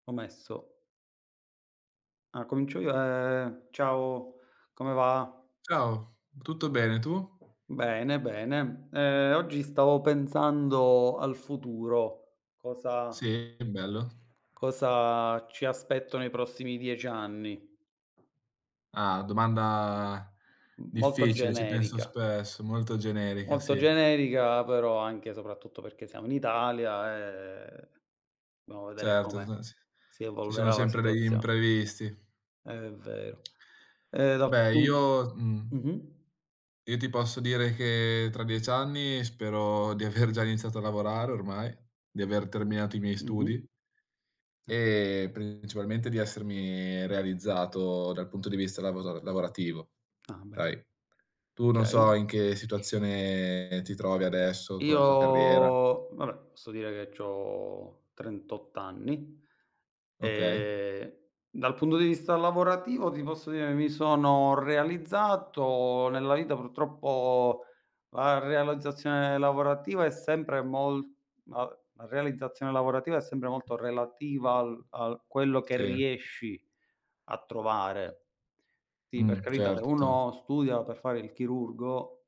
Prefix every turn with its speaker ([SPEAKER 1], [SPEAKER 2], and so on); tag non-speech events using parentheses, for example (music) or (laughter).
[SPEAKER 1] Ho messo. Ah, comincio io. Ehm, ciao, come va?
[SPEAKER 2] Ciao, tutto bene tu?
[SPEAKER 1] Bene, bene. Ehm, oggi stavo pensando al futuro, cosa
[SPEAKER 2] Sì, che bello.
[SPEAKER 1] cosa ci aspetto nei prossimi 10 anni.
[SPEAKER 2] Ah, domanda
[SPEAKER 1] M molto
[SPEAKER 2] difficile, ci penso
[SPEAKER 1] generica.
[SPEAKER 2] spesso, molto generica,
[SPEAKER 1] Molto
[SPEAKER 2] sì.
[SPEAKER 1] generica, però anche soprattutto perché siamo in Italia e (unintelligible) vedere
[SPEAKER 2] Certo, se
[SPEAKER 1] come
[SPEAKER 2] non si
[SPEAKER 1] si
[SPEAKER 2] ci sono
[SPEAKER 1] evolverà la
[SPEAKER 2] sempre degli
[SPEAKER 1] situazione.
[SPEAKER 2] imprevisti.
[SPEAKER 1] È vero. E dal
[SPEAKER 2] Beh
[SPEAKER 1] pun
[SPEAKER 2] io mhmm
[SPEAKER 1] mh-mh.
[SPEAKER 2] io ti posso dire che tra 10 anni spero di aver già iniziato a lavorare ormai, di aver terminato i miei
[SPEAKER 1] Mh-mh
[SPEAKER 2] studi
[SPEAKER 1] Eh.
[SPEAKER 2] e principalmente di essermi realizzato dal punto di vista lavoza lavorativo.
[SPEAKER 1] Ah, ben
[SPEAKER 2] Hai, tu non so
[SPEAKER 1] Okay.
[SPEAKER 2] in che situazione ti trovi adesso con
[SPEAKER 1] Io,
[SPEAKER 2] la tua carriera.
[SPEAKER 1] vabbè, posso dire che c'ho 38 anni.
[SPEAKER 2] Okay.
[SPEAKER 1] Ehm, dal punto di vista lavorativo ti posso dire mi sono realizzato nella vita. Purtroppo la realizzazione lavorativa è sempre mol ma v la realizzazione lavorativa è sempre molto relativa al al quello che
[SPEAKER 2] Sì.
[SPEAKER 1] riesci a trovare. Sì, per
[SPEAKER 2] Mh,
[SPEAKER 1] carità, se
[SPEAKER 2] certo.
[SPEAKER 1] uno studia per fare il chirurgo